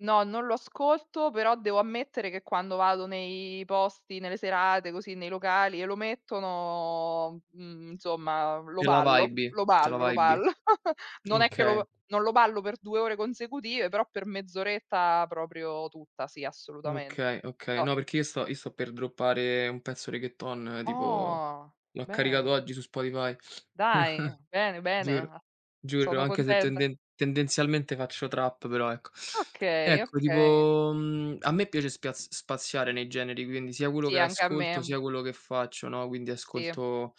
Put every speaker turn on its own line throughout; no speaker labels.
No, non lo ascolto però devo ammettere che quando vado nei posti, nelle serate così nei locali e lo mettono, mhmm, insomma lo
Te la
ballo
wibi.
lo
Te la
ballo lo
wibi.
ballo. Non è che
Okay.
lo non lo ballo per 2 ore consecutive, però per mezz'oretta proprio tutta, sì assolutamente.
Okay, okay.
Toh.
No, perché io sto io sto per droppare un pezzo reggaeton tipo
Oh,
l'ho caricato
bene.
oggi su Spotify.
Dai, bene, bene,
Giuro
ah.
giuro
Sono
anche se
contenta.
tenden tendenzialmente faccio trap, però ecco
Okay,
ecco
okay.
tipo, mhmm, a me piace spiaz spaziare nei generi, quindi sia quello
Sì,
che
anche a
ascolto
me.
sia quello che faccio, no, quindi
Sì.
ascolto,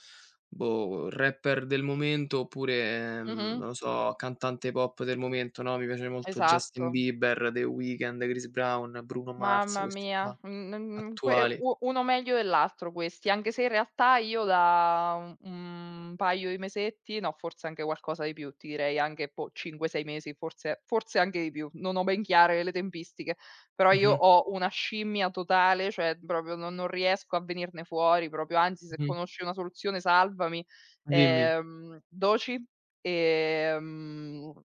boh, rapper del momento oppure, ehm,
Mh-mh.
non lo so, cantante pop del momento, no: mi piace molto Justin
Esatto.
Bieber, The Weekend, Chris Brown, Bruno Mars,
Mamma
questi
mia,
qua
un n n n que
attuali.
u uno meglio dell'altro questi, anche se in realtà io da, uhm, 1 paio di mesetti no, forse anche qualcosa di più, ti direi anche poh 5-6 mesi forse forse anche di più, non ho ben chiare le tempistiche; però io
Mh-mh.
ho una scimmia totale, cioè proprio non non riesco a venirne fuori proprio, anzi se
Mh-mh.
conosci una soluzione salvami.
Dimmi.
Ehm, Doechii, ehm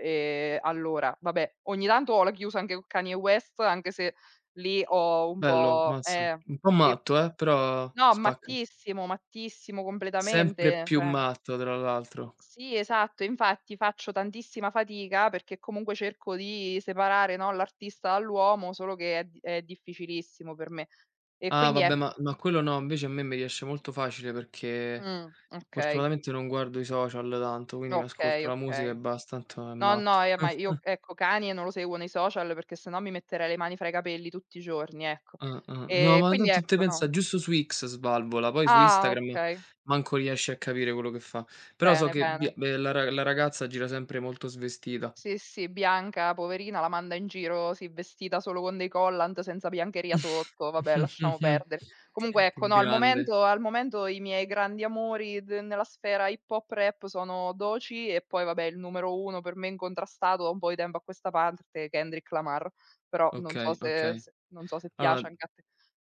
ehm, allora, vabbè ogni tanto ho la chiusa anche con Kanye West anche se lì ho un
Bello,
po'
mazza.
ehm
Un po'
sì.
matto eh, però
No,
spacca.
mattissimo, mattissimo
Sempre
completamente,
più
cioè.
matto tra l'altro.
Sì, esatto, infatti faccio tantissima fatica perché comunque cerco di separare, no, l'artista dall'uomo solo che è d è difficilissimo per me. E
Ah
quindi
vabbè, ma
ecco.
ma quello no, invece a me me riesce molto facile perché
Mh, okay.
fortunatamente non guardo i social tanto, quindi mi
Okay,
ascolto la musica e
okay.
basta, tanto è
No,
matto.
no, e ma io, ecco, Kanye non lo seguo nei social perché se no mi metterei le mani fra i capelli tutti i giorni, ecco.
Ah-ah no,
Ehm,
ma
quindi
tanto te
ecco, no.
pensa giusto su X svalvola, poi su
Ah
Instagram
okay.
manco riesci a capire quello che fa. Però so
Bene,
che
bene.
Bia ehm, la ra la ragazza gira sempre molto svestita.
Sì, sì Bianca poverina la manda in giro sì, vestita solo con dei collant senza biancheria sotto, vabbè lasciamo perdere. Comunque
Che che
ecco no, al
grande.
momento al momento i miei grandi amori d nella sfera hip hop rap sono Doechii e poi vabbè il numero uno, per me incontrastato da un po' di tempo a questa parte, Kendrick Lamar, però non so
Okay,
se
okay.
s non so se
Allora
piace anche a te.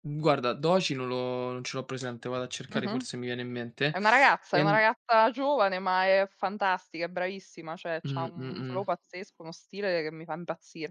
guarda, Doechii non lo non ce l'ho presente, vado a cercare,
Mh-mh.
forse mi viene in mente.
È una ragazza è una
Ehm
ragazza giovane ma è fantastica, è bravissima, cioè c'ha
Mh,
un flow
mh-mh.
pazzesco, uno stile che mi fa impazzir